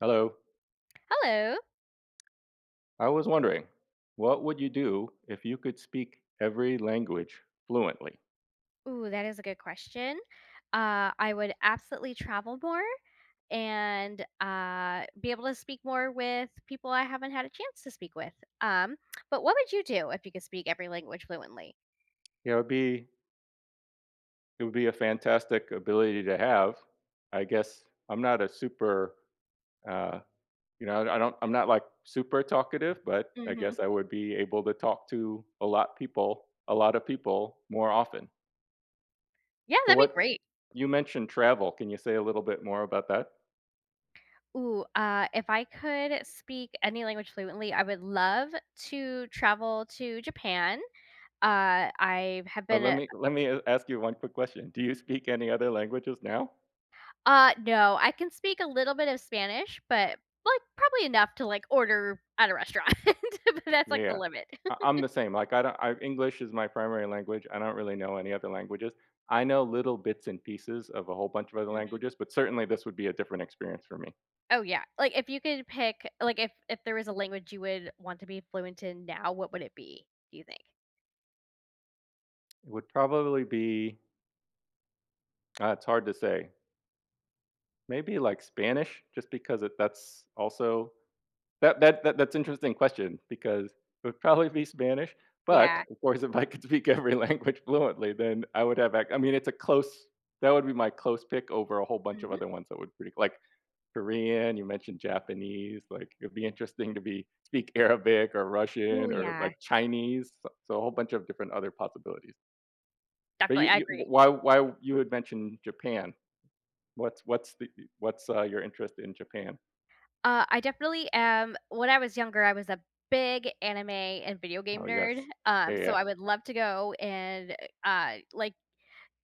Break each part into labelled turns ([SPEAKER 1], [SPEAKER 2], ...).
[SPEAKER 1] Hello.
[SPEAKER 2] Hello.
[SPEAKER 1] I was wondering, what would you do if you could speak every language fluently?
[SPEAKER 2] Ooh, that is a good question. Uh, I would absolutely travel more, and, uh, be able to speak more with people I haven't had a chance to speak with, um, but what would you do if you could speak every language fluently?
[SPEAKER 1] Yeah, it'd be It would be a fantastic ability to have. I guess, I'm not a super, uh you know, I don I don't I'm not, like, super talkative, but I
[SPEAKER 2] Mhm.
[SPEAKER 1] guess I would be able to talk to a lot people a lot of people more often.
[SPEAKER 2] Yeah,
[SPEAKER 1] So,
[SPEAKER 2] that'd be
[SPEAKER 1] what
[SPEAKER 2] great.
[SPEAKER 1] you mentioned travel, can you say a little bit more about that?
[SPEAKER 2] Ooh, uh, if I could speak any language fluently, I would love to travel to Japan. Uh, I've have
[SPEAKER 1] Oh,
[SPEAKER 2] been
[SPEAKER 1] let
[SPEAKER 2] a a
[SPEAKER 1] me let me a ask you one quick question, do you speak any other languages now?
[SPEAKER 2] Uh, no, I can speak a little bit of Spanish, but, like, probably enough to, like, order at a restaurant, but that's, like, the
[SPEAKER 1] Yeah.
[SPEAKER 2] limit.
[SPEAKER 1] I I'm the same, like, I don't I English is my primary language, I don't really know any other languages- I know little bits and pieces of a whole bunch of other
[SPEAKER 2] Mhm.
[SPEAKER 1] languages, but certainly, this would be a different experience for me.
[SPEAKER 2] Oh, yeah. Like, if you could pick like, if if there is a language you would want to be fluent in now, what would it be, do you think?
[SPEAKER 1] It would probably be ah, it's hard to say maybe, like, Spanish? Just because it that's also that that that that's interesting question because it would probably be Spanish, but,
[SPEAKER 2] Yeah.
[SPEAKER 1] of course, if I could speak every language fluently, then I would have ac I mean, it's a close that would be my close pick over a whole bunch of
[SPEAKER 2] Mhm.
[SPEAKER 1] other ones that would bre k like, Korean, you mentioned Japanese, like, it'd be interesting to be speak Arabic or
[SPEAKER 2] Ooh,
[SPEAKER 1] Russian or,
[SPEAKER 2] yeah.
[SPEAKER 1] like, Chinese, s so a whole bunch of different other possibilities but
[SPEAKER 2] Definitely.
[SPEAKER 1] you
[SPEAKER 2] I
[SPEAKER 1] you w
[SPEAKER 2] agree.
[SPEAKER 1] why why you had mentioned Japan. What's what's the i What's uh, your interest in Japan?
[SPEAKER 2] Uh, I definitely am When I was younger, I was a big anime and video game
[SPEAKER 1] Oh,
[SPEAKER 2] nerd,
[SPEAKER 1] yes. Yeah,
[SPEAKER 2] um, so
[SPEAKER 1] yeah.
[SPEAKER 2] I would love to go and, uh, like,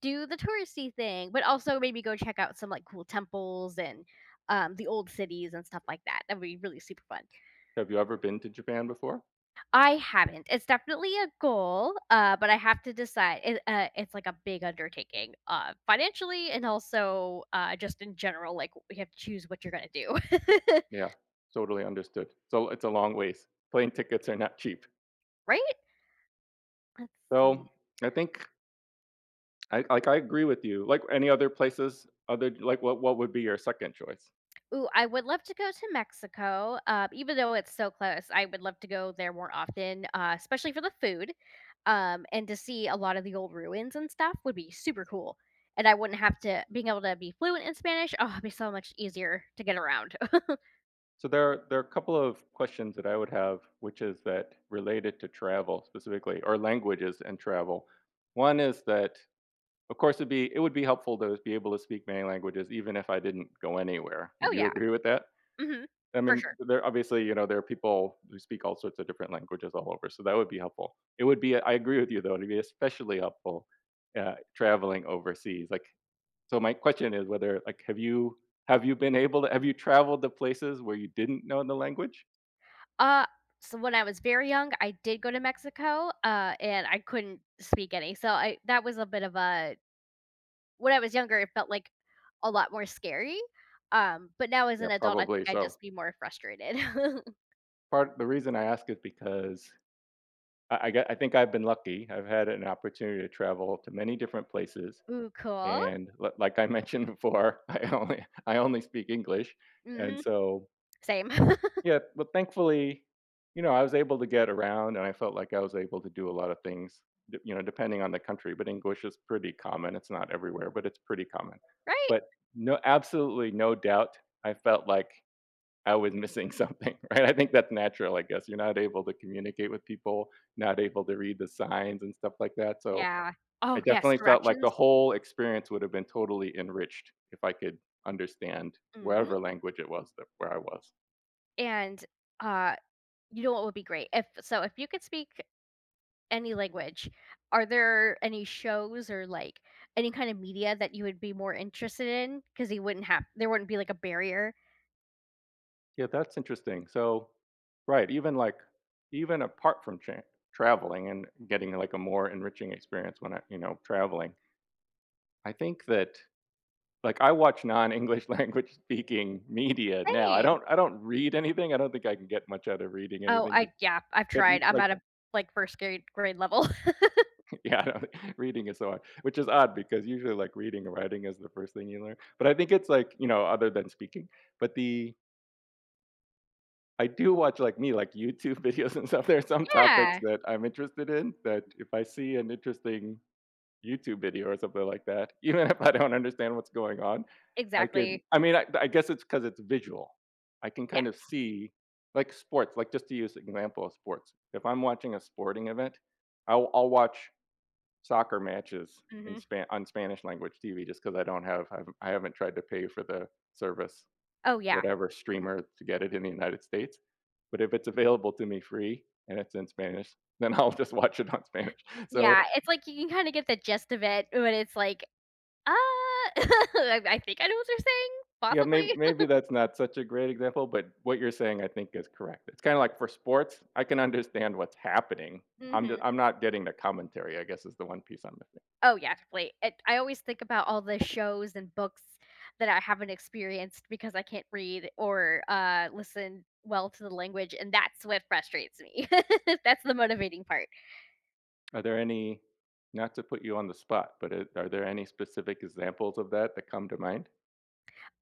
[SPEAKER 2] do the touristy thing, but also maybe go check out some, like, cool temples and, um, the old cities and stuff like that. That'd be really super fun.
[SPEAKER 1] Have you ever been to Japan before?
[SPEAKER 2] I haven't, it's definitely a goal, uh, but I have to decide, it, uh it's, like, a big undertaking, uh, financially and also, uh, just in general, like, we have to choose what you're gonna do.
[SPEAKER 1] Yeah, totally understood. So, it's a long ways. Plane tickets are not cheap.
[SPEAKER 2] Right? Let's
[SPEAKER 1] So,
[SPEAKER 2] see
[SPEAKER 1] I think Like like I agree with you. Like, any other places, other d like, what what would be your 2nd choice?
[SPEAKER 2] Ooh, I would love to go to Mexico, um, even though it's so close, I would love to go there more often, uh, especially for the food, um, and to see a lot of the old ruins and stuff would be super cool, and I wouldn't have to being able to be fluent in Spanish, oh, it'd be so much easier to get around.
[SPEAKER 1] So, there there are a couple of questions that I would have, which is that, related to travel specifically, or languages and travel- one is that, of course, it'd be it would be helpful to be able to speak many languages even if I didn't go anywhere,
[SPEAKER 2] Oh,
[SPEAKER 1] would you
[SPEAKER 2] yeah.
[SPEAKER 1] agree with that?
[SPEAKER 2] Mhm.
[SPEAKER 1] I
[SPEAKER 2] For
[SPEAKER 1] mean,
[SPEAKER 2] sure.
[SPEAKER 1] there obviously, you know, there are people who speak all sorts of different languages all over, so that would be helpful. It would be I agree with you, though, it'd be especially helpful. Yeah, traveling overseas, like So, my question is whether like, have you have you been able to have you traveled to places where you didn't know the language?
[SPEAKER 2] Ah, so when I was very young, I did go to Mexico, uh, and I couldn't speak any. So I that was a bit of a When I was younger, it felt, like, a lot more scary. Um, but now as
[SPEAKER 1] Yeah,
[SPEAKER 2] an adult, I think
[SPEAKER 1] probably,
[SPEAKER 2] I'd
[SPEAKER 1] so
[SPEAKER 2] just be more frustrated.
[SPEAKER 1] Part the reason I ask is because I I got I think I've been lucky, I've had an opportunity to travel to many different places,
[SPEAKER 2] Ooh, cool.
[SPEAKER 1] and l like I mentioned before, I only I only speak English, and
[SPEAKER 2] Mhm.
[SPEAKER 1] so
[SPEAKER 2] Same.
[SPEAKER 1] Yeah, but, thankfully, you know, I was able to get around, and I felt like I was able to do a lot of things, y you know, depending on the country, but English is pretty common- it's not everywhere, but it's pretty common.
[SPEAKER 2] Right.
[SPEAKER 1] But no absolutely no doubt I felt like I was missing something, right? I think that's natural, I guess. You're not able to communicate with people, not able to read the signs and stuff like that, so,
[SPEAKER 2] Yeah.
[SPEAKER 1] I
[SPEAKER 2] Oh, yes,
[SPEAKER 1] definitely felt like the
[SPEAKER 2] directions?
[SPEAKER 1] whole experience would have been totally enriched if I could understand
[SPEAKER 2] Mhm.
[SPEAKER 1] whatever language it was that where I was.
[SPEAKER 2] And, uh, you know what would be great? If so if you could speak any language, are there any shows or, like, any kind of media that you would be more interested in? 'Cause you wouldn't have there wouldn't be, like, a barrier?
[SPEAKER 1] Yeah, that's interesting. So right, even, like even apart from che traveling and getting, like, a more enriching experience when I you know, traveling I think that, like, I watch non-English language speaking media. Now, I
[SPEAKER 2] Same.
[SPEAKER 1] don't I don't read anything, I don't think I can get much out of reading
[SPEAKER 2] Oh,
[SPEAKER 1] anything,
[SPEAKER 2] I
[SPEAKER 1] just
[SPEAKER 2] yeah, I've
[SPEAKER 1] but n
[SPEAKER 2] tried, I'm
[SPEAKER 1] like
[SPEAKER 2] at a, like, 1st grade grade level.
[SPEAKER 1] Yeah, I know, reading is so hard, which is odd because usually, like, reading or writing is the 1st thing you learn- but I think it's, like, you know, other than speaking. But the I do watch, like, me, like, YouTube videos and stuff, there are some topics
[SPEAKER 2] Yeah.
[SPEAKER 1] that I'm interested in that if I see an interesting YouTube video or something like that, even if I don't understand what's going on, I could
[SPEAKER 2] Exactly.
[SPEAKER 1] I mean, I I guess it's because it's visual, I can
[SPEAKER 2] Yeah.
[SPEAKER 1] kinda see like, sports, like, just to use an example of sports- if I'm watching a sporting event, I'll I'll watch soccer matches in
[SPEAKER 2] Mhm.
[SPEAKER 1] Spa on Spanish language TV just 'cause I don't have I've I haven't tried to pay for the service,
[SPEAKER 2] Oh, yeah.
[SPEAKER 1] whatever streamer to get it in the United States, but if it's available to me free and it's in Spanish, then I'll just watch it on Spanish. So
[SPEAKER 2] Yeah, it's, like, you can kinda get the gist of it, but it's, like, "Ah, I I think I know what you're saying,
[SPEAKER 1] Yeah, may
[SPEAKER 2] possibly."
[SPEAKER 1] maybe that's not such a great example, but what you're saying, I think, is correct. It's kinda like for sports, I can understand what's happening, I'm d
[SPEAKER 2] Mhm.
[SPEAKER 1] I'm not getting the commentary, I guess, is the one piece I'm missing.
[SPEAKER 2] Oh, yeah, complete it I always think about all the shows and books that I haven't experienced because I can't read or, uh, listen well to the language, and that's what frustrates me. That's the motivating part.
[SPEAKER 1] Are there any not to put you on the spot, but it are there any specific examples of that that come to mind?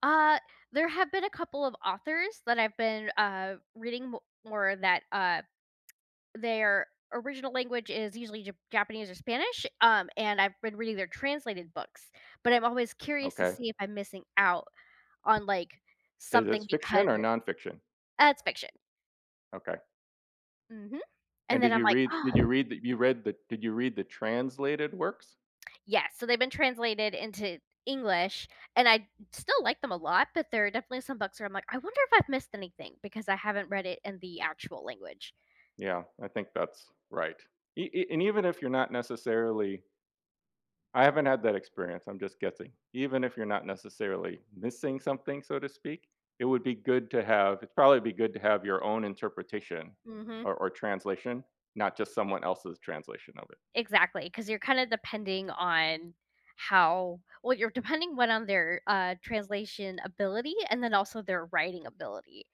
[SPEAKER 2] Uh, there have been a couple of authors that I've been, uh, reading mo more that, uh, their original language is usually Jap Japanese or Spanish, um and I've been reading their translated books, but I'm always curious to
[SPEAKER 1] Okay.
[SPEAKER 2] see if I'm missing out on, like,
[SPEAKER 1] Is
[SPEAKER 2] something
[SPEAKER 1] this
[SPEAKER 2] because
[SPEAKER 1] fiction or
[SPEAKER 2] it's
[SPEAKER 1] nonfiction?
[SPEAKER 2] Uh it's fiction.
[SPEAKER 1] Okay.
[SPEAKER 2] Mhm.
[SPEAKER 1] And
[SPEAKER 2] And
[SPEAKER 1] did
[SPEAKER 2] then I'm
[SPEAKER 1] you
[SPEAKER 2] like,
[SPEAKER 1] read did you
[SPEAKER 2] "Ugh."
[SPEAKER 1] read you read the did you read the translated works?
[SPEAKER 2] Yes, so they've been translated into English, and I still like them a lot, but there are definitely some books where I'm like, "I wonder if I've missed anything because I haven't read it in the actual language."
[SPEAKER 1] Yeah, I think that's right. E e and even if you're not necessarily I haven't had that experience, I'm just guessing. Even if you're not necessarily "missing something," so to speak, it would be good to have it'd probably be good to have your own interpretation,
[SPEAKER 2] Mhm.
[SPEAKER 1] or or translation, not just someone else's translation of it.
[SPEAKER 2] Exactly, 'cause you're kinda depending on how well, you're depending 1 on their, uh, translation ability and then also their writing ability.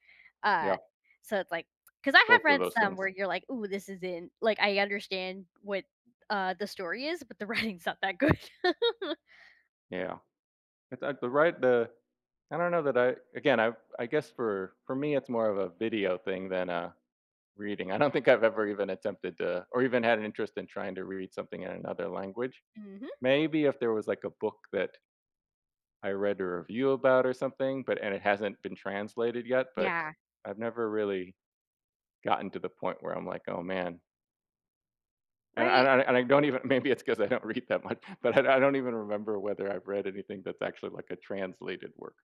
[SPEAKER 2] Uh,
[SPEAKER 1] Yeah.
[SPEAKER 2] so it's like 'cause I have
[SPEAKER 1] Both of
[SPEAKER 2] read
[SPEAKER 1] those
[SPEAKER 2] some
[SPEAKER 1] things.
[SPEAKER 2] where you're like, "Ooh, this isn't" Like, I understand what, uh, the story is, but the writing's not that good.
[SPEAKER 1] Yeah. It's at the right the I don't know that I Again, I I guess for for me, it's more of a video thing than, uh, reading. I don't think I've ever even attempted to or even had an interest in trying to read something in another language.
[SPEAKER 2] Mhm.
[SPEAKER 1] Maybe if there was, like, a book that I read a review about or something, but and it hasn't been translated yet, but
[SPEAKER 2] Yeah.
[SPEAKER 1] I've never really gotten to the point where I'm like, "Oh, man" And I and
[SPEAKER 2] Right.
[SPEAKER 1] I and I don't even maybe it's 'cause I don't read that much, but I I don't even remember whether I've read anything that's actually, like, a translated work.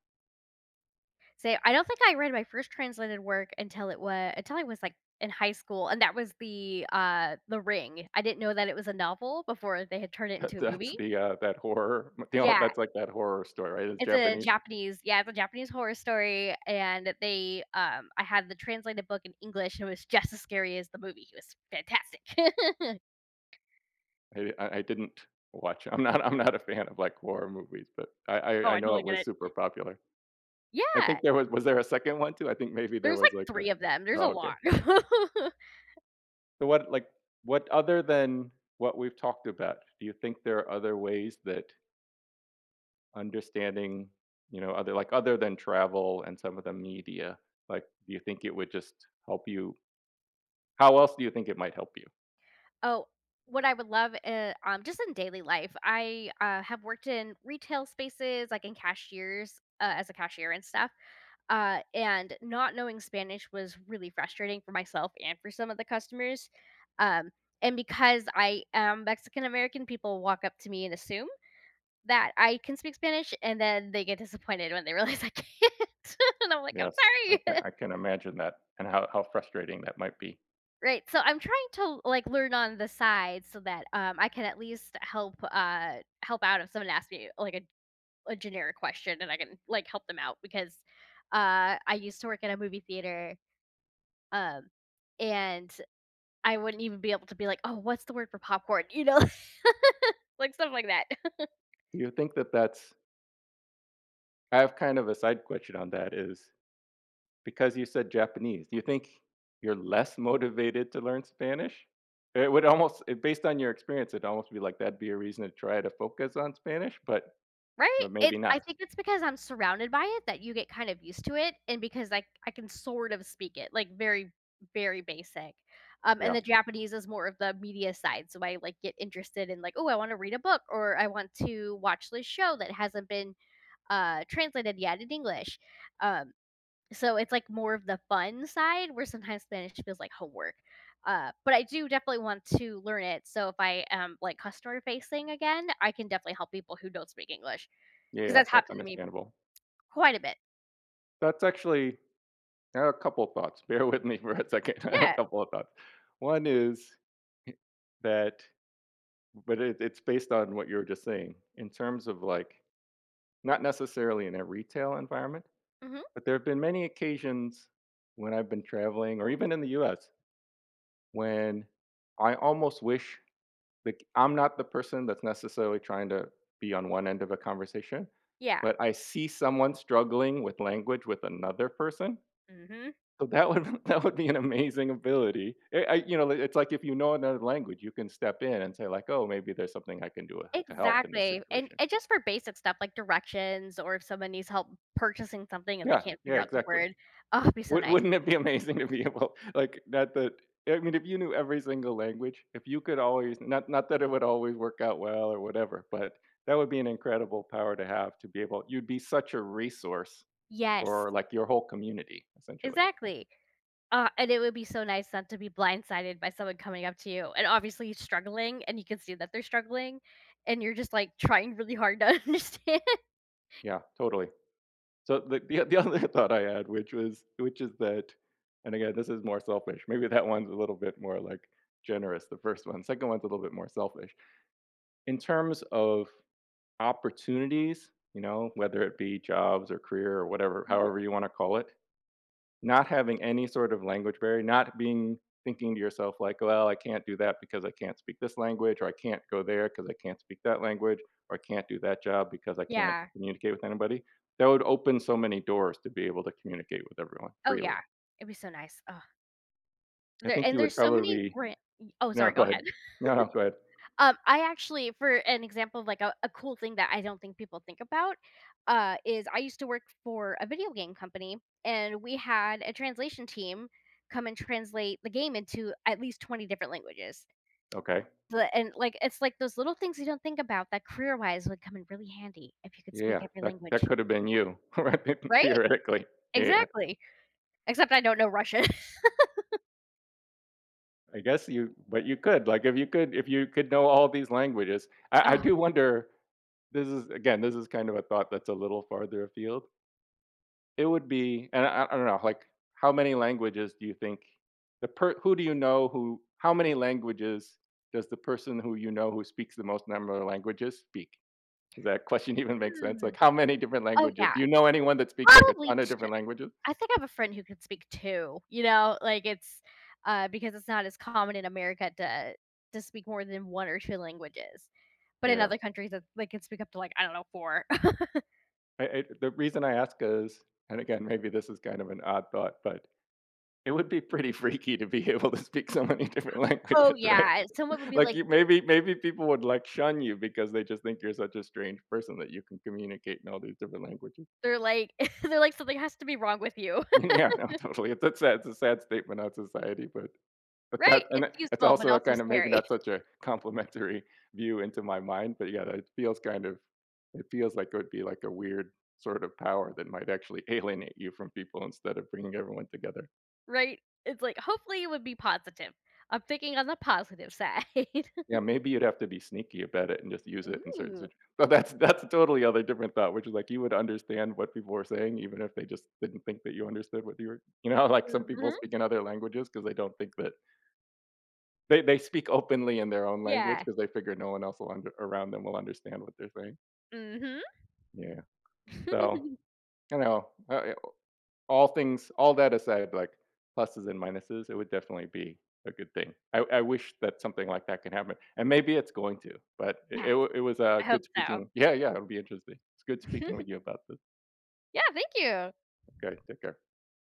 [SPEAKER 2] Say I don't think I read my first translated work until it wa until I was, like, in high school, and that was the, uh, The Ring. I didn't know that it was a novel before they had turned it into a
[SPEAKER 1] That's
[SPEAKER 2] movie.
[SPEAKER 1] the, uh, that horror m you know?
[SPEAKER 2] Yeah.
[SPEAKER 1] That's, like, that horror story, right? It's
[SPEAKER 2] It's a
[SPEAKER 1] Japanese?
[SPEAKER 2] Japanese Yeah, it's a Japanese horror story, and they, um I had the translated book in English, and it was just as scary as the movie, it was fantastic!
[SPEAKER 1] Maybe I I didn't watch I'm not I'm not a fan of, like, horror movies, but I I
[SPEAKER 2] Oh,
[SPEAKER 1] I
[SPEAKER 2] I
[SPEAKER 1] know
[SPEAKER 2] totally
[SPEAKER 1] it
[SPEAKER 2] get
[SPEAKER 1] was
[SPEAKER 2] it.
[SPEAKER 1] super popular. I
[SPEAKER 2] Yeah!
[SPEAKER 1] think there was was there a second one too? I think maybe there
[SPEAKER 2] There's, like,
[SPEAKER 1] was, like, a
[SPEAKER 2] 3 of them. There's
[SPEAKER 1] Ah,
[SPEAKER 2] a lot.
[SPEAKER 1] okay. So what, like what other than what we've talked about, do you think there are other ways that understanding, you know, other like, other than travel and some of the media, like, do you think it would just help you how else do you think it might help you?
[SPEAKER 2] Oh, what I would love in um, just in daily life, I, uh, have worked in retail spaces, like in cashiers uh, as a cashier and stuff, uh, and not knowing Spanish was really frustrating for myself and for some of the customers, um, and because I am Mexican-American, people walk up to me and assume that I can speak Spanish, and then they get disappointed when they realize I can't, and I'm like, "I'm
[SPEAKER 1] Yes. I can
[SPEAKER 2] sorry."
[SPEAKER 1] I can imagine that, and how how frustrating that might be.
[SPEAKER 2] Right, so I'm trying to, like, learn on the side, so, that, um, I can at least help, uh, help out if someone asks me, like, a a generic question, and I can, like, help them out because, uh, I used to work in a movie theater, um, and I wouldn't even be able to be like, "Oh, what's the word for popcorn?" You know, like, stuff like that.
[SPEAKER 1] Do you think that that's I have kind of a side question on that is because you said Japanese, do you think you're less motivated to learn Spanish? It would almost based on your experience, it'd almost be like that'd be a reason to try to focus on Spanish, but
[SPEAKER 2] Right?
[SPEAKER 1] but
[SPEAKER 2] It
[SPEAKER 1] maybe not.
[SPEAKER 2] I think it's because I'm surrounded by it that you get kind of used to it, and because, like, I can sort of speak it, like, very, very basic. Um, and
[SPEAKER 1] Yeah.
[SPEAKER 2] the Japanese is more of the media side. So I, like, get interested in, like, "Ooh, I wanna read a book," or "I want to watch this show that hasn't been, uh, translated yet in English," um, so it's, like, more of the fun side where sometimes Spanish feels like homework. Uh, but I do definitely want to learn it so if I am, like, customer-facing again, I can definitely help people who don't speak English,
[SPEAKER 1] Yeah,
[SPEAKER 2] 'cause
[SPEAKER 1] yeah,
[SPEAKER 2] that's
[SPEAKER 1] that's
[SPEAKER 2] happened to me
[SPEAKER 1] understandable.
[SPEAKER 2] quite a bit.
[SPEAKER 1] That's actually I have a couple of thoughts. Bear with me for a second. I have a
[SPEAKER 2] Yeah.
[SPEAKER 1] couple of thoughts. One is h that but it it's based on what you were just saying. In terms of, like, not necessarily in a retail environment,
[SPEAKER 2] Mhm.
[SPEAKER 1] but there have been many occasions when I've been traveling or even in the U.S., when I almost wish, like, I'm not the person that's necessarily trying to be on one end of a conversation, but
[SPEAKER 2] Yeah.
[SPEAKER 1] I see someone struggling with language with another person,
[SPEAKER 2] Mhm.
[SPEAKER 1] so that would that would be an amazing ability. Eh, I you know, it's, like, if you know another language, you can step in and say, like, "Oh, maybe there's something I can do w to help in this
[SPEAKER 2] Exactly. And
[SPEAKER 1] situation."
[SPEAKER 2] and just for basic stuff, like directions or if someone needs help purchasing something and they
[SPEAKER 1] Yeah.
[SPEAKER 2] can't
[SPEAKER 1] Yeah,
[SPEAKER 2] figure out the
[SPEAKER 1] exactly.
[SPEAKER 2] word oh, it'd be so
[SPEAKER 1] Would
[SPEAKER 2] nice.
[SPEAKER 1] wouldn't it be amazing to be able, like, not that I mean, if you knew every single language if you could always not not that it would always work out well or whatever, but, that would be an incredible power to have to be able you'd be such a resource
[SPEAKER 2] Yes.
[SPEAKER 1] for, like, your whole community, essentially.
[SPEAKER 2] Exactly. Aw, and it would be so nice not to be blindsided by someone coming up to you, and obviously, he's struggling, and you can see that they're struggling, and you're just, like, trying really hard to understand.
[SPEAKER 1] Yeah, totally. So the the, uh, the other thought I had, which was which is that and, again, this is more selfish. Maybe that one's a little bit more, like, generous, the 1st one, 2nd one's a little bit more selfish. In terms of opportunities, you know, whether it be jobs or career or whatever
[SPEAKER 2] Mhm.
[SPEAKER 1] however you wanna call it, not having any sort of language barrier, not being thinking to yourself like, "Well, I can't do that because I can't speak this language, or I can't go there 'cause I can't speak that language, or I can't do that job because I can't
[SPEAKER 2] Yeah.
[SPEAKER 1] communicate with anybody," that would open so many doors to be able to communicate with everyone
[SPEAKER 2] Oh,
[SPEAKER 1] freely.
[SPEAKER 2] yeah. It'd be so nice, ugh.
[SPEAKER 1] I
[SPEAKER 2] The
[SPEAKER 1] think
[SPEAKER 2] and
[SPEAKER 1] you would
[SPEAKER 2] there's so many
[SPEAKER 1] probably
[SPEAKER 2] bran y Oh,
[SPEAKER 1] No,
[SPEAKER 2] sorry, go
[SPEAKER 1] go
[SPEAKER 2] ahead.
[SPEAKER 1] ahead. No, no, go ahead.
[SPEAKER 2] Um, I actually for an example of, like, a a cool thing that I don't think people think about, uh, is I used to work for a video game company, and we had a translation team come and translate the game into at least 20 different languages.
[SPEAKER 1] Okay.
[SPEAKER 2] But and, like, it's like those little things you don't think about that career-wise would come in really handy if you could speak
[SPEAKER 1] Yeah.
[SPEAKER 2] every
[SPEAKER 1] That
[SPEAKER 2] language.
[SPEAKER 1] that could have been you, right? The
[SPEAKER 2] Right?
[SPEAKER 1] thoretically. Yeah.
[SPEAKER 2] Exactly. Except I don't know Russian.
[SPEAKER 1] I guess you but you could, like, if you could if you could know all these languages, I I
[SPEAKER 2] Ugh.
[SPEAKER 1] do wonder this is, again, this is kind of a thought that's a little farther afield it would be and I I I don't know, like, how many languages do you think the per who do you know who how many languages does the person who you know who speaks the most number of languages speak? Does that question even make sense?
[SPEAKER 2] Hmm,
[SPEAKER 1] Like, how many different
[SPEAKER 2] oh,
[SPEAKER 1] languages
[SPEAKER 2] yeah,
[SPEAKER 1] do you know anyone that speaks, like, a
[SPEAKER 2] probably
[SPEAKER 1] ton of
[SPEAKER 2] ch
[SPEAKER 1] different languages?
[SPEAKER 2] I think I have a friend who could speak 2. You know, like, it's, uh because it's not as common in America to to speak more than 1 or 2 languages, but in
[SPEAKER 1] Yeah.
[SPEAKER 2] other countries, th they can speak up to, like, I don't know, 4.
[SPEAKER 1] I I the reason I ask is and, again, maybe this is kind of an odd thought, but it would be pretty freaky to be able to speak so many different languages,
[SPEAKER 2] Oh,
[SPEAKER 1] right?
[SPEAKER 2] yeah, someone would be
[SPEAKER 1] Like,
[SPEAKER 2] like
[SPEAKER 1] you maybe maybe people would, like, shun you because they just think you're such a strange person that you can communicate in all these different languages.
[SPEAKER 2] they're like they're like, "Something has to be wrong with you."
[SPEAKER 1] Yeah, no, totally, it's a sad it's a sad statement on society, but but
[SPEAKER 2] Right,
[SPEAKER 1] that and
[SPEAKER 2] it's
[SPEAKER 1] it it's
[SPEAKER 2] useful, but
[SPEAKER 1] also a
[SPEAKER 2] also
[SPEAKER 1] kind of maybe
[SPEAKER 2] scary.
[SPEAKER 1] not such a complimentary view into my mind, but, yeah, that feels kind of it feels like it would be, like, a weird sort of power that might actually alienate you from people instead of bringing everyone together.
[SPEAKER 2] Right, it's like, hopefully, it would be positive. I'm thinking on the positive side.
[SPEAKER 1] Yeah, maybe you'd have to be sneaky about it and just use it in certain
[SPEAKER 2] Ooh.
[SPEAKER 1] situ but that's that's a totally other different thought, which is, like, you would understand what people were saying even if they just didn't think that you understood what you were you know, like, some people
[SPEAKER 2] Mhm.
[SPEAKER 1] speak in other languages because they don't think that They they speak openly in their own language
[SPEAKER 2] Yeah.
[SPEAKER 1] 'cause they figure no one else will un around them will understand what they're saying.
[SPEAKER 2] Mhm.
[SPEAKER 1] Yeah, so, you know, uh yeah, well all things all that aside, like, pluses and minuses, it would definitely be a good thing. I I wish that something like that could happen, and maybe it's going to. But it
[SPEAKER 2] Yes.
[SPEAKER 1] it wa it was, uh,
[SPEAKER 2] I hope
[SPEAKER 1] good
[SPEAKER 2] so.
[SPEAKER 1] speaking Yeah, yeah, it would be interesting. It's good speaking with you about this.
[SPEAKER 2] Yeah, thank you.
[SPEAKER 1] Okay, take care.